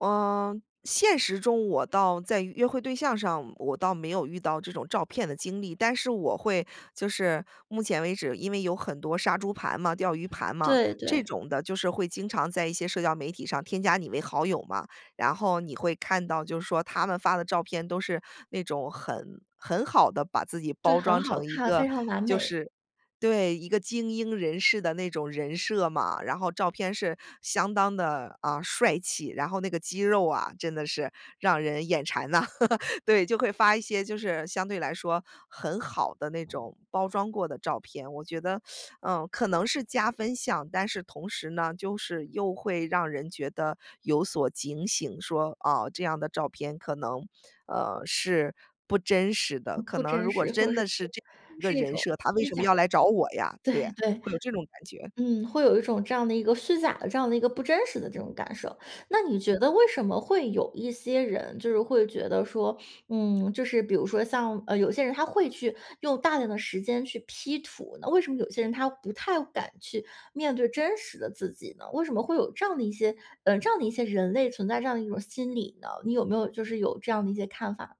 呃，现实中我倒在约会对象上我倒没有遇到这种照骗的经历，但是我会就是目前为止，因为有很多杀猪盘嘛、钓鱼盘嘛，对，这对。种的就是会经常在一些社交媒体上添加你为好友嘛，然后你会看到，就是说他们发的照片都是那种很很好地把自己对，包很装好成一看，个，非常完就美。是对，一个精英人士的那种人设嘛。然后照片是相当地，啊，帅气，然后那个肌肉啊，真的是让人眼馋呐。对，就会发一些就是相对来说，很好的那种包装过的照片。我觉得，嗯，可能是加分项，但是同时呢，就是又会让人觉得有所警醒，说：“啊，这样的照片可能，呃，是不真实的”。可不能如真果实，或者真是的是不这样一个是一人种设，他为虚什么假的。要来找我呀？对，对呀，对。会有这种感觉。嗯，会有一种这样的一个虚假的，这样的一个不真实的这种感受。那你觉得为什么会有一些人就是会觉得说，嗯，就是比如说像，呃，有些人他会去用大量的时间去 P 图，那为什么有些人他不太敢去面对真实的自己呢？为什么会有这样的一些呃，这样的一些人类存在这样的一种心理呢？你有没有就是有这样的一些看法？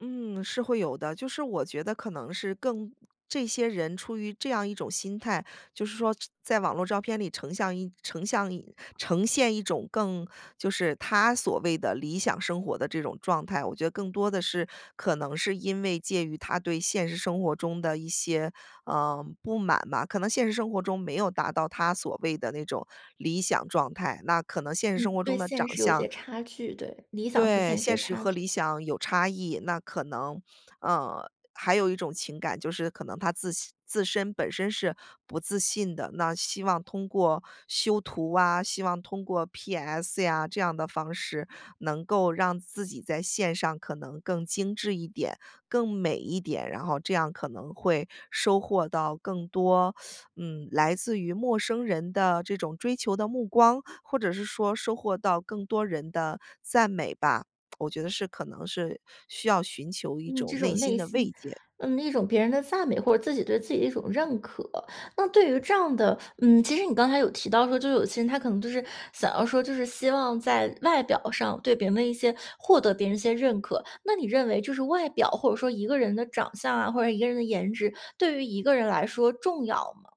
嗯，是会有的，就是我觉得可能是更这些人出于这样一种心态，就是说这在网络照片里成像一成像一呈现一种更就是他所谓的理想生活的这种状态。我觉得更多的是可能是因为介于他对现实生活中的一些，呃，不满吧。可能现实生活中没有达到他所谓的那种理想状态，那可能现实生嗯，活中对的现长实有相些差距。对，理想和对，现实现的实差和距。理想有差异。那可能呃，还有一种情感，就是可能他自己自身、本身是不自信的。那希望通过修图啊，希望通过 PS 呀这样的方式，能够让自己在线上可能更精致一点、更美一点。然后这样可能会收获到更多 嗯，来自于陌生人的这种追求的目光，或者是说收获到更多人的赞美吧。我觉得是可能是需要寻求一嗯，种这内种心内的慰心。藉。嗯，一种别人的赞美，或者自己对自己的一种认可。那对于这样的嗯，其实你刚才有提到说，就是有些人他可能就是想要说就是希望在外表上对别人一些获得别人一些认可。那你认为就是外表，或者说一个人的长相啊，或者说一个人的颜值，对于一个人来说重要吗？